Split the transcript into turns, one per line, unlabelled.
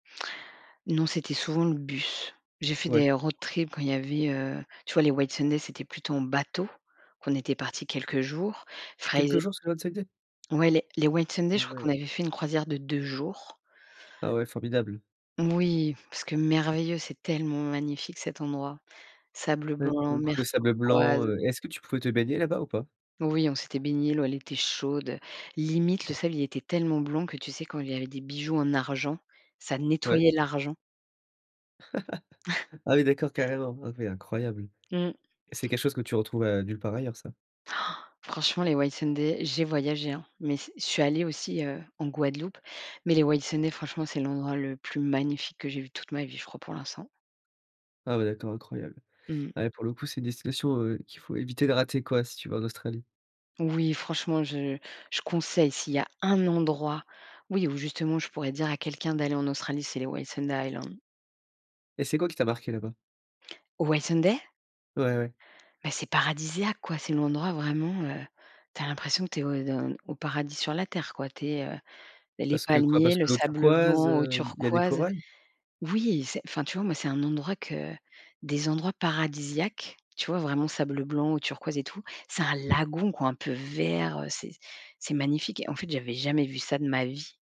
Non, c'était souvent le bus. J'ai fait
Ouais.
des road trip quand il y avait, heu, tu vois les Whitsunday, c'était plutôt en bateau, qu'on était parti quelques jours. Fraize
Quelques jours sur Whitsunday?
Ouais les les Whitsunday,
Ah
je crois qu'on
ouais.
avait fait une croisière de 2 jours.
Ah ouais formidable.
Moui, parce que merveilleux, c'est tellement magnifique cet endroit, sable
Ouais pour
blanc,
le coup,
mer
le sable blanc,
turquoise
heu, est-ce que tu pouvais te baigner là-bas ou pas?
Oui, on s'était baignés, l'eau, elle était chaude. Limite, le sable, il était tellement blanc que, tu sais, quand il y avait des bijoux en argent, ça
Ouais.
nettoyait l'argent.
Ah oui d'accord carrément. OK incroyable
Mmh.
et c'est quelque chose que tu retrouves, heu, nulle part ailleurs ça?
Oh! Franchement, les Whitsunday, j'ai voyagé hein, mais ce je suis allée aussi, heu en Guadeloupe. Mais les Whitsunday franchement, c'est l'endroit le plus magnifique que j'ai vu toute ma vie, je crois, pour l'instant.
Ah ouais d'accord, incroyable.
Mmh.
Ouais pour le coup, c'est une destination qu'il faut éviter de rater quoi si tu vas en Australie?
Oui, franchement, je je conseille. S'il y a un endroit oui, où justement, je pourrais dire à quelqu'un d'aller en Australie, c'est les Whitsunday Island.
Et c'est quoi qui t'a marquée là-bas?
Whitsunday?
Ouais, ouais.
Mais c'est paradisiaque quoi! C'est l'endroit vraiment, heu, tu as l'impression que tu es au de au paradis sur la terre quoi. Tu es heu, les
Parce que quoi?
palmiers,
Parce
le
que l'eau
sable
turquoise,
blanc, eau
heu, il y a des
turquoise
corails?
oui c'est, enfin, tu vois? Moi, c'est un endroit que des endroits paradisiaques. Tu vois? Vraiment sable blanc ou turquoise et tout, c'est un lagon quoi un peu vert, heu, c'est c'est magnifique et en fait, j'avais jamais vu ça de ma vie.